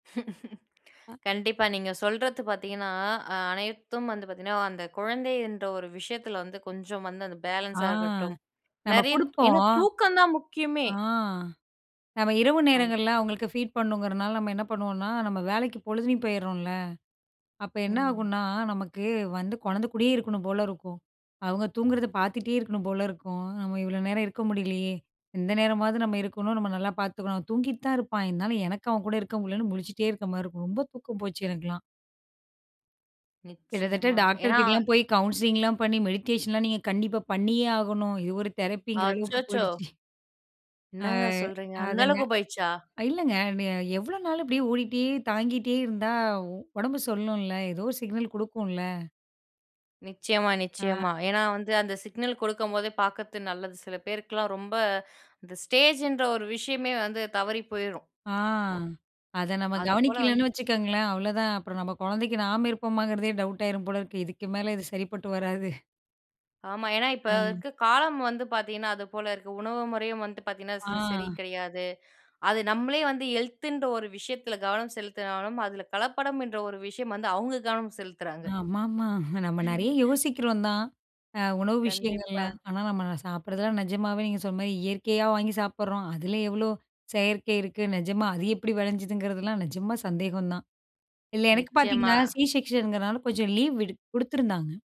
ஆ. கண்டிப்பா நீங்க சொல்றது பாத்தீங்கன்னா, அனைத்தும் வந்து பாத்தீங்கன்னா, அந்த குழந்தை என்ற ஒரு விஷயத்தில வந்து, கொஞ்சம் வந்து அந்த ஆ பேலன்ஸா இருக்கட்டும். நம்ம நெறைய ஏன்னா குடுப்போம். தூக்கந்தான் முக்கியமே. ஆ நம்ம இரவு அது. நேரங்கள்ல அவுங்களுக்கு ஃபீட் பண்ணணுங்கிறனால நம்ம என்ன பண்ணுவோன்னா நம்ம வேலைக்கு பொழுதுலயும் போயிர்றோம்ல! அப்ப ம். என்னாகுன்னா நமக்கு, வந்து கொழந்தக் கூடயே இருக்கணும் போல இருக்கும். அவுங்க தூங்குறத பாத்துட்டே இருக்கணும் போல இருக்கும். நம்ம இவ்வளோ நேரம் இருக்க முடிலையே, இந்த நேரமாவது நம்ம இருக்கணும். நம்ம நல்லா பாத்துக்கணும். தூங்கிட்டு தான் இருப்பான். இருந்தாலும் எனக்கு அவன் கூட இருக்க முடிலன்னு முழிச்சிட்டே இருக்க மாரி இருக்கும். ரொம்ப தூக்கம் போச்சு எனக்கெல்லாம். கிட்டத்தட்ட நிச்சயமா. டாக்டர் ஏன்னா கிட்டலாம் போய், கவுன்சிலிங்லாம் பண்ணி மெடிடேஷன் லாம் நீங்க கண்டிப்பா பண்ணியே ஆகணும். இது ஒரு தெரப்பிங்கிற அளவுக்கு அச்சச்சோ! போயிடுச்சு. ஆ என்னங்க சொல்றீங்க! அந்த அது என்ன, அளவுக்கு போயிடுச்சா? இல்லைங்க. நீ எவ்வளோ நாளு அப்டியே ஓடிகிட்டே, தாங்கிட்டே இருந்தா ஒ ஒடம்பு சொல்லும்ல? ஏதோ சிக்னல் குடுக்கும்ல! நிச்சயமா, ஆ. நிச்சயமா. ஏன்னா வந்து அந்த சிக்னல் கொடுக்கும்போதே பார்க்குறது நல்லது. சில பேருக்குலாம் ரொம்ப இந்த ஸ்டேஜ்ன்ற ஒரு விஷயமே வந்து தவறி போயிரும். ஆ, ஒ அத நம்ம அது போல வந் கவனிக்கலன்னு வச்சுக்கங்களேன், அவ்வளோதான். அப்புறம் நம்ம கொழந்தைக்கு நாம இருப்போமாங்கிறதே டவுட் ஆயிரும் போல இருக்கு. இதுக்கு மேலே இது சரிப்பட்டு வராது. ஆமா. ஏன்னா இப்ப ம். இருக்க காலம் வந்து பாத்தீங்கன்னா, அது போல இருக்கு. உணவு முறையும் வந்து பாத்தீங்கன்னா ஆ. ச சரி கிடையாது. அது நம்மளே வந்து ஹெல்த்துன்ற ஒரு விஷயத்தில கவனம் செலுத்தினாலும், அதில கலப்படம்ன்ற ஒரு விஷயம் வந்து அவுங்க கவனம் செலுத்துறாங்க. ஆமாமா. நம்ம நெறைய யோசிக்கிறோம் தான். அ உணவு விஷயங்கள்ல. கண்டிப்பா. ஆனா நம்மலாம் சாப்பிடுறதெல்லாம் நெஜமாவே நீங்க சொன்ன மாரி இயற்கையா வாங்கி சாப்பிடுறோம்! அதில எவ்ளோ செயற்கை இருக்கு, நெஜமா அது எப்படி வெளைஞ்சுதுங்கிறதுலாம், நெஜமா சந்தேகம் தான். இல்ல எனக்கு நிச்சயமா. பாத்தீங்கன்னா, சி செக்க்ஷன் னால கொஞ்சம் லீவ் விடு குடுத்துருந்தாங்க.